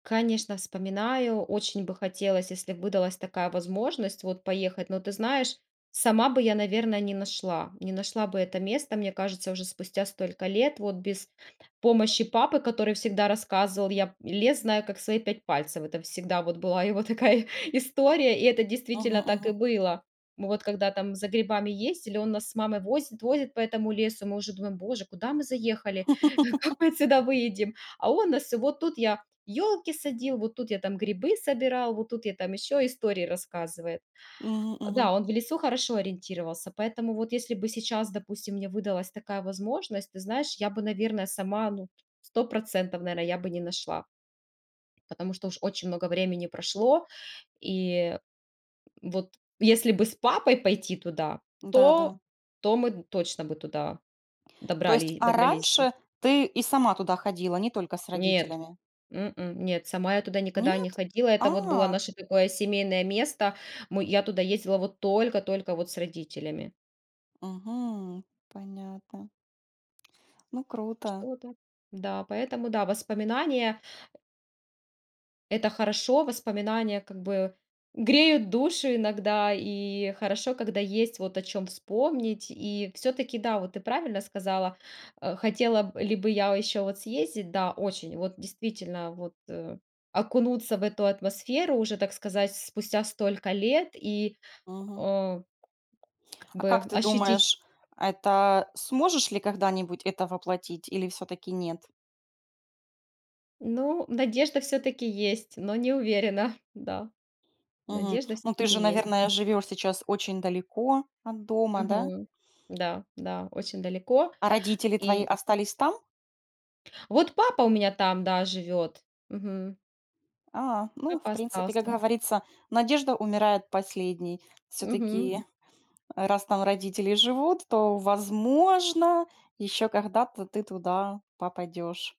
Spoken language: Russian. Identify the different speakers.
Speaker 1: Конечно, вспоминаю. Очень бы хотелось, если б выдалась такая возможность вот поехать. Но ты знаешь, сама бы я, наверно, не нашла. Не нашла бы это место, мне кажется, уже спустя столько лет. Вот без помощи папы, который всегда рассказывал: "Я лес, знаю, как свои пять пальцев". Это всегда вот была его такая история и это действительно
Speaker 2: Ага.
Speaker 1: так и
Speaker 2: Ага.
Speaker 1: было. Вот когда там за грибами ездили, он нас с мамой возит, возит по этому лесу. Мы уже думаем: "Боже, куда мы заехали? Как мы отсюда выйдем?" А он нас всё: "Вот тут я ёлки садил, вот тут я там грибы собирал, вот тут я там"- ещё истории рассказывает.
Speaker 2: Мгм,
Speaker 1: Э,
Speaker 2: мгм.
Speaker 1: да, он в лесу хорошо ориентировался, поэтому, вот если бы сейчас, допустим, мне выдалась такая возможность, ты знаешь, я бы, наверно, сама, ну, 100 %, наверно, я бы не нашла. Потому что уж очень много времени прошло. И вот если бы с папой пойти туда,
Speaker 2: Да, да.
Speaker 1: то то мы точно бы туда
Speaker 2: То есть,
Speaker 1: добрали
Speaker 2: а
Speaker 1: добрались бы.
Speaker 2: раньше ты и сама туда ходила, не только с
Speaker 1: Нет,
Speaker 2: родителями?
Speaker 1: м-м, нет, сама я туда никогда не
Speaker 2: Нет?
Speaker 1: ходила. Это вот было
Speaker 2: А.
Speaker 1: наше такое семейное место. М, я туда ездила вот только-только вот с родителями.
Speaker 2: Мгм. Понятно. Ну круто.
Speaker 1: Что-то. Да, поэтому, да, воспоминания это хорошо, воспоминания как бы греют душу иногда и хорошо, когда есть вот о чём вспомнить и всё-таки, да, вот ты правильно сказала, э, хотела б ли бы я ещё вот съездить, да, очень вот действительно, вот, э, окунуться в эту атмосферу, уже, так сказать, спустя столько лет и,
Speaker 2: Мгм.
Speaker 1: о, как
Speaker 2: А как
Speaker 1: бы
Speaker 2: ты
Speaker 1: ощутить.
Speaker 2: думаешь, это сможешь ли когда-нибудь это воплотить или всё-таки нет?
Speaker 1: Ну, надежда всё-таки есть, но не уверена, да,
Speaker 2: Мгм.
Speaker 1: надежда
Speaker 2: Ну ты
Speaker 1: всё-таки
Speaker 2: же,
Speaker 1: есть.
Speaker 2: наверное, живёшь сейчас очень далеко от дома, да?
Speaker 1: Мгм. Да, да, очень далеко
Speaker 2: А родители твои
Speaker 1: и
Speaker 2: остались там?
Speaker 1: Вот папа у меня там, да, живёт. Мгм.
Speaker 2: А, ну, в
Speaker 1: Папа
Speaker 2: принципе, как
Speaker 1: остался.
Speaker 2: говорится, надежда умирает последней.
Speaker 1: Мгм.
Speaker 2: Всё-таки, раз там родители живут, то, возможно, ещё когда-то ты туда попадёшь.